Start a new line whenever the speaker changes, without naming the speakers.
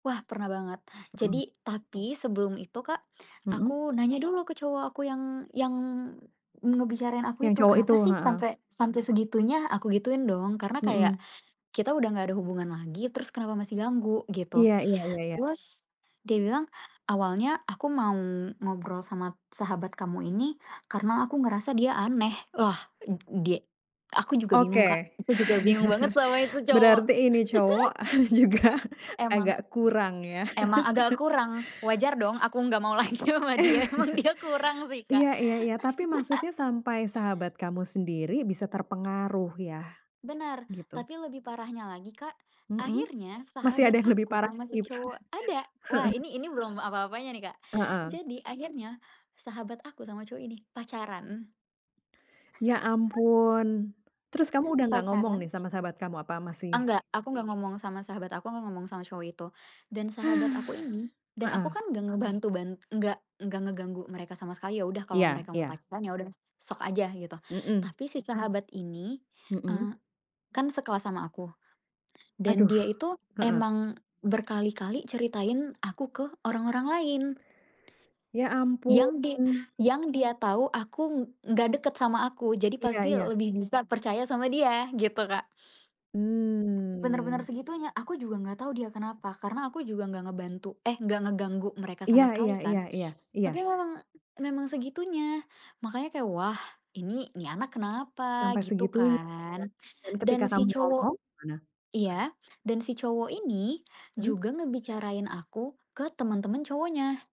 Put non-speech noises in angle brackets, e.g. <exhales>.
Wah pernah banget. Jadi
Mhm.
tapi sebelum itu Kak,
Mhm.
aku nanya dulu ke cowok aku yang yang ngebicarain aku
Yang
itu,
cowok itu,
"Kenapa sih
heeh.
sampai sampai segitunya?" Aku gituin, dong. Karena kayak
Mhm.
kita udah gak ada hubungan lagi, terus kenapa masih ganggu,
Iy
gitu.
iya iya iya.
Terus dia bilang, "Awalnya aku mau ngobrol sama sahabat kamu ini karena aku ngerasa dia aneh," lah ed dia aku juga bingung Kak,
Oke.
aku juga bingung banget sama itu
<chuckles>
cowok.
Berarti ini cowok <chuckles> juga
<laughs> Emang.
agak kurang ya?
Emang agak
<laughs>
kurang, wajar dong aku gak mau lagi sama dia emang dia kurang
<chuckles>
sih, Kak.
Iya iya iya. Tapi maksudnya
<laughs>
sampai sahabat kamu sendiri bisa terpengaruh ya,
Benar.
gitu?
Tapi lebih parahnya lagi Kak,
Mhm.
akhirnya
Masih
sahabat
ada yang lebih
aku
parah
sama si
lagi?
cowok ada, wah
Heeh.
ini ini belum apa-apanya nih Kak.
Heeh.
Jadi akhirnya, sahabat aku sama cowok ini pacaran.
Ya
<chuckles>
ampun, terus kamu
Eh,
sudah tidak ngomong
pacaran.
nih sama sahabat kamu, apa masih?
Enggak, aku nggak ngomong sama sahabat aku, nggak ngomong sama cowok itu. Dan sahabat aku ini
<exhales>
dan aku
Heeh.
kan nggak ngebantu ban enggak, enggak ngeganggu mereka sama sekali, ya udah kalau
Iya
mereka mau
iya.
pacaran ya udah, sok aja gitu.
Mhm.
Tapi si sahabat ini,
Mhm.
eee, kan sekelas sama aku dan
Aduh.
dia itu
Heeh.
emang berkali-kali ceritain aku ke orang-orang lain,
Ya
yang di
ampun.
yang dia tahu, aku nggak deket sama aku, jadi
Iya
pasti
iya.
lebih bisa percaya sama dia gitu, Kak. Benar-benar
Mmm.
segitunya, aku juga gak tau dia kenapa. Karena aku juga gak ngebantu eh gak ngeganggu mereka
Iya
sama
iya
sekali
iya
kan,
iya iya.
tapi memang memang segitunya. Makannya kayak, wah ini ini anak kenapa
Sampai
gitu
segitunya ya,
kan
dan ketika
dan si
kamu
cowok
ngomong gimana?
iya, dan si cowok ini
Hmm.
juga ngebicarain aku ke temen-temen cowoknya.